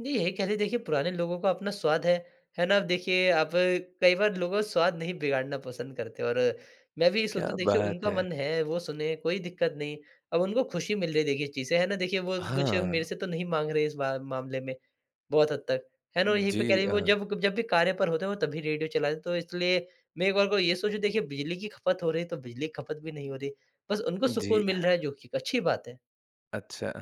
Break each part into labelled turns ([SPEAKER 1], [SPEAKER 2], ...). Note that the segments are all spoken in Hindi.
[SPEAKER 1] जी, यही कह लें देखिए पुराने लोगों का अपना स्वाद है। है ना? अब देखिए आप कई बार लोगों स्वाद नहीं बिगाड़ना पसंद करते। और मैं भी ये
[SPEAKER 2] क्या
[SPEAKER 1] सोचता हूँ, देखिए
[SPEAKER 2] बात
[SPEAKER 1] उनका
[SPEAKER 2] है?
[SPEAKER 1] मन है वो सुने, कोई दिक्कत नहीं। अब उनको खुशी मिल रही है देखिए इस चीज़ से। है ना? देखिए वो कुछ, मेरे
[SPEAKER 2] हाँ।
[SPEAKER 1] से तो नहीं माँग रहे इस बा मामले में, बहुत हद तक। है ना? और यहीं पे
[SPEAKER 2] जी
[SPEAKER 1] कह ली, वो
[SPEAKER 2] अ
[SPEAKER 1] जब कब जब भी कार्य पर होते हैं, वो तब ही रेडियो चलाते हैं, तो इसलिए मैं एक बार को ये सोचूँ देखिए, बिजली की खपत हो रही है, तो बिजली की खपत भी नहीं हो रही। बस उनको सुकून
[SPEAKER 2] जी।
[SPEAKER 1] मिल रहा है, जो कि एक अच्छी बात है।
[SPEAKER 2] अच्छा।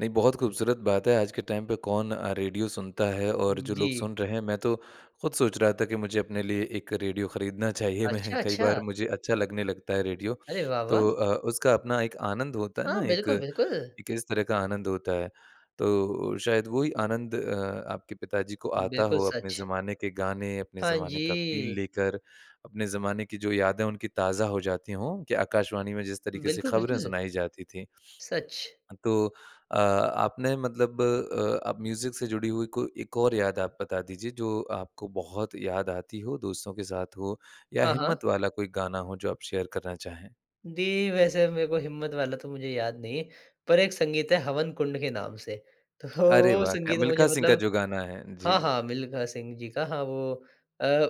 [SPEAKER 2] नहीं बहुत खूबसूरत बात है, आज के टाइम पे कौन अ, रेडियो सुनता है और जो लोग
[SPEAKER 1] जी।
[SPEAKER 2] सुन रहे हैं, मैं तो खुद सोच रहा था कि मुझे अपने लिए एक रेडियो खरीदना चाहिए। मैं
[SPEAKER 1] अच्छा,
[SPEAKER 2] कई
[SPEAKER 1] अच्छा।
[SPEAKER 2] बार मुझे, अच्छा लगने लगता है रेडियो।
[SPEAKER 1] अरे
[SPEAKER 2] तो
[SPEAKER 1] वाह-वाह।
[SPEAKER 2] अ, उसका अपना एक आनंद होता है
[SPEAKER 1] हाँ
[SPEAKER 2] ना एक,
[SPEAKER 1] बिल्कुल, बिल्कुल।
[SPEAKER 2] एक इस तरह का आनंद होता है तो शायद, वो ही आनंद अ, आपके पिताजी को आता
[SPEAKER 1] बिल्कुल
[SPEAKER 2] हो, अपने
[SPEAKER 1] सच।
[SPEAKER 2] ज़माने के गाने, अपने
[SPEAKER 1] हाँ
[SPEAKER 2] ज़माने का फ़ील
[SPEAKER 1] जी।
[SPEAKER 2] लेकर। अपने ज़माने की जो यादें उनकी ताज़ा हो जाती हों, कि आकाशवाणी में जिस तरीके से
[SPEAKER 1] बिल्कुल,
[SPEAKER 2] खबरें
[SPEAKER 1] बिल्कुल।
[SPEAKER 2] सुनाई जाती थीं।
[SPEAKER 1] सच।
[SPEAKER 2] तो अ, आपने मतलब अ, आप म्यूजिक से जुड़ी हुई कोई एक और याद आप बता दीजिए, जो आपको बहुत याद आती हो, दोस्तों के साथ हो, या
[SPEAKER 1] हाँ, हाँ।
[SPEAKER 2] हिम्मत वाला कोई गाना हो जो आप शेयर करना चाहें?
[SPEAKER 1] दी, वैसे मेरे को हिम्मत वाला तो मुझे याद नहीं है। पर एक संगीत है हवन कुंड के नाम से। तो
[SPEAKER 2] अरे
[SPEAKER 1] वो
[SPEAKER 2] वाह! क्या
[SPEAKER 1] संगीत मुझे
[SPEAKER 2] मिल्खा सिंह का
[SPEAKER 1] मतलब
[SPEAKER 2] जो गाना है,
[SPEAKER 1] हाँ,
[SPEAKER 2] जी।
[SPEAKER 1] हाँ, मिल्खा सिंह जी का हाँ वो अ,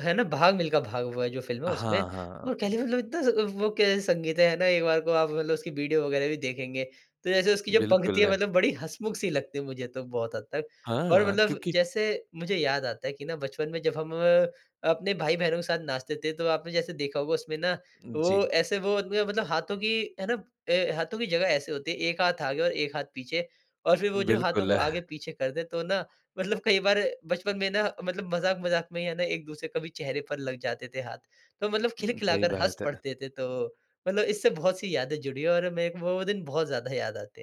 [SPEAKER 1] है ना भाग मिल्खा भाग वो है, जो फिल्म है उसमें।
[SPEAKER 2] हाँ, हाँ।
[SPEAKER 1] और कह ली मतलब इतना ज़ वो कैसा संगीत है, है ना एक बार को आप मतलब उसकी वीडियो वगैरह भी देखेंगे, तो जैसे उसकी जो पंक्ति है,
[SPEAKER 2] बिल्कुल।
[SPEAKER 1] मतलब बड़ी हँसमुख-सी लगती है, मुझे तो बहुत हद तक। और
[SPEAKER 2] हाँ
[SPEAKER 1] मतलब
[SPEAKER 2] क्योंकि
[SPEAKER 1] जैसे मुझे याद आता है कि ना बचपन में जब हम, अपने भाई-बहनों के साथ नाचते थे, तो आपने जैसे देखा होगा उसमें ना वो
[SPEAKER 2] जी।
[SPEAKER 1] ऐसे, वो म मतलब हाथों की है ना ए हाथों की जगह ऐसे होती है, एक हाथ आगे और एक हाथ पीछे। और फिर वो जो हाथों को
[SPEAKER 2] बिल्कुल।
[SPEAKER 1] आगे-पीछे कर दे तो ना, मतलब कई बार बचपन में ना मतलब मज़ाक-मज़ाक में ही है ना, एक-दूसरे कभी चेहरे पर लग जाते थे हाथ। तो मतलब
[SPEAKER 2] हुँ,
[SPEAKER 1] खिलखिला
[SPEAKER 2] सही
[SPEAKER 1] कर हस
[SPEAKER 2] बात है।
[SPEAKER 1] पढ़ते थे। तो मतलब इससे बहुत सी यादें जुड़ी है और मेरे को वो वो दिन बहुत ज़्यादा याद आते हैं।